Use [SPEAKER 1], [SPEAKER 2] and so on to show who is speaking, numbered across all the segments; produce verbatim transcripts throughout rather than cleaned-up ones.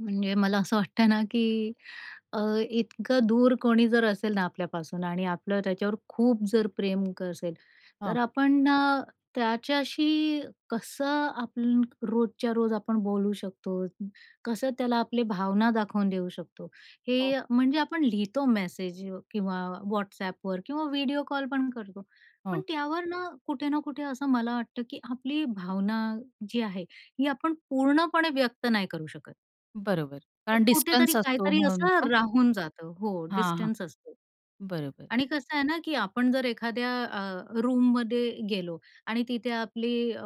[SPEAKER 1] म्हणजे मला असं वाटतं ना की अ, इतकं दूर कोणी जर असेल ना आपल्यापासून आणि आपलं त्याच्यावर खूप जर प्रेम कसेल,
[SPEAKER 2] हां.
[SPEAKER 1] तर आपण अ, त्याच्याशी कसं आपण रोजच्या रोज आपण बोलू शकतो, कसं त्याला आपली भावना दाखवून देऊ शकतो
[SPEAKER 2] हो.
[SPEAKER 1] हे म्हणजे आपण लिहितो मेसेज किंवा WhatsAppवर किंवा व्हिडिओ कॉल पण करतो. पण
[SPEAKER 2] हं.
[SPEAKER 1] त्यावर ना कुठे ना कुठे असं मला वाटतं की आपली भावना जी आहे ही आपण पूर्णपणे व्यक्त नाही करू शकत.
[SPEAKER 2] बरोबर.
[SPEAKER 1] ते
[SPEAKER 2] कारण
[SPEAKER 1] कुठेतरी,
[SPEAKER 2] डिस्टन्स असतो
[SPEAKER 1] काहीतरी
[SPEAKER 2] म्हणून
[SPEAKER 1] असं
[SPEAKER 2] का?
[SPEAKER 1] राहून जातं. हो,
[SPEAKER 2] हां, हां.
[SPEAKER 1] डिस्टन्स असतो.
[SPEAKER 2] बरोबर.
[SPEAKER 1] आणि कसं आहे ना की आपण जर एखाद्या अ, रूममध्ये गेलो आणि तिथे आपली अ,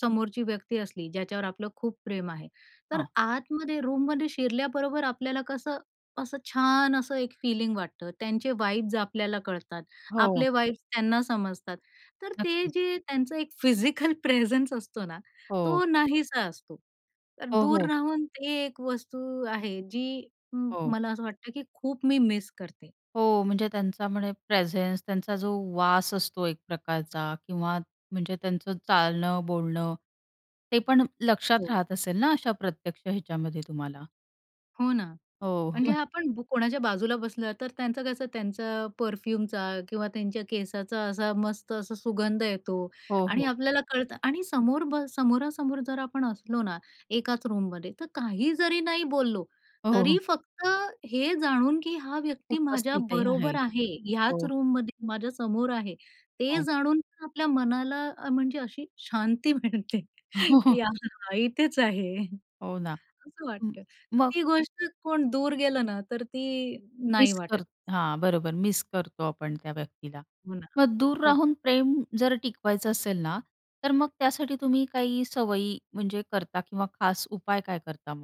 [SPEAKER 1] समोरची व्यक्ती असली, ज्याच्यावर आपलं खूप प्रेम आहे, तर
[SPEAKER 2] हां.
[SPEAKER 1] आतमध्ये रूममध्ये शिरल्याबरोबर आपल्याला कसं, असं छान असं एक फीलिंग वाटतं त्यांचे वाइब्स आपल्याला कळतात,
[SPEAKER 2] हो.
[SPEAKER 1] आपले वाइब्स त्यांना समजतात. तर ते
[SPEAKER 2] नक्कीच.
[SPEAKER 1] जे त्यांचं एक फिजिकल प्रेझन्स असतो ना
[SPEAKER 2] हो.
[SPEAKER 1] तो नाहीसा असतो. तर
[SPEAKER 2] हो,
[SPEAKER 1] दूर
[SPEAKER 2] हो.
[SPEAKER 1] राहून ते एक वस्तू आहे जी म्म
[SPEAKER 2] हो.
[SPEAKER 1] मला असं वाटतं की खूप मी मिस करते.
[SPEAKER 2] हो. म्हणजे त्यांचा म्हणजे प्रेझेन्स त्यांचा जो वास असतो एक प्रकारचा किंवा म्हणजे त्यांचं चालणं, बोलणं ते पण लक्षात
[SPEAKER 1] हो.
[SPEAKER 2] राहत असेल ना अशा प्रत्यक्ष ह्याच्यामध्ये तुम्हाला?
[SPEAKER 1] हो ना.
[SPEAKER 2] हो.
[SPEAKER 1] म्हणजे आपण ब कोणाच्या बाजूला बसलो, तर त्यांचं कसं त्यांचा परफ्यूमचा किंवा त्यांच्या केसाचा असा मस्त असा सुगंध येतो.
[SPEAKER 2] हो,
[SPEAKER 1] आणि
[SPEAKER 2] हो.
[SPEAKER 1] आपल्याला कळतं. आणि समोर ब समोरासमोर जर आपण असलो ना, एकाच रूममध्ये, तर काही जरी नाही बोललो, तरी
[SPEAKER 2] हो.
[SPEAKER 1] फक्त हे जाणून की हा व्यक्ती माझ्या
[SPEAKER 2] उपस्थितही
[SPEAKER 1] बरोबर
[SPEAKER 2] आहे.
[SPEAKER 1] आहे, ह्याच
[SPEAKER 2] हो.
[SPEAKER 1] रूममध्ये माझ्या समोर आहे, ते
[SPEAKER 2] हो.
[SPEAKER 1] जाणून पण आपल्या मनाला अ, म्हणजे अशी शांती मिळते.
[SPEAKER 2] हो, हो.
[SPEAKER 1] की हां, इथेच आहे.
[SPEAKER 2] हो ना.
[SPEAKER 1] असं
[SPEAKER 2] म्म
[SPEAKER 1] वाटतं.
[SPEAKER 2] मग?
[SPEAKER 1] ती गोष्ट कोण दूर गेलं ना तर ती नाही
[SPEAKER 2] मिस कर
[SPEAKER 1] वाटत. [unintelligible]
[SPEAKER 2] हां, बरोबर मिस करतो आपण त्या व्यक्तीला.
[SPEAKER 1] हो ना.
[SPEAKER 2] मग दूर
[SPEAKER 1] खूप
[SPEAKER 2] राहून प्रेम जर टिकवायचं असेल ना, तर मग त्यासाठी तुम्ही काही सवयी म्हणजे करता किंवा खास उपाय काय करता मग?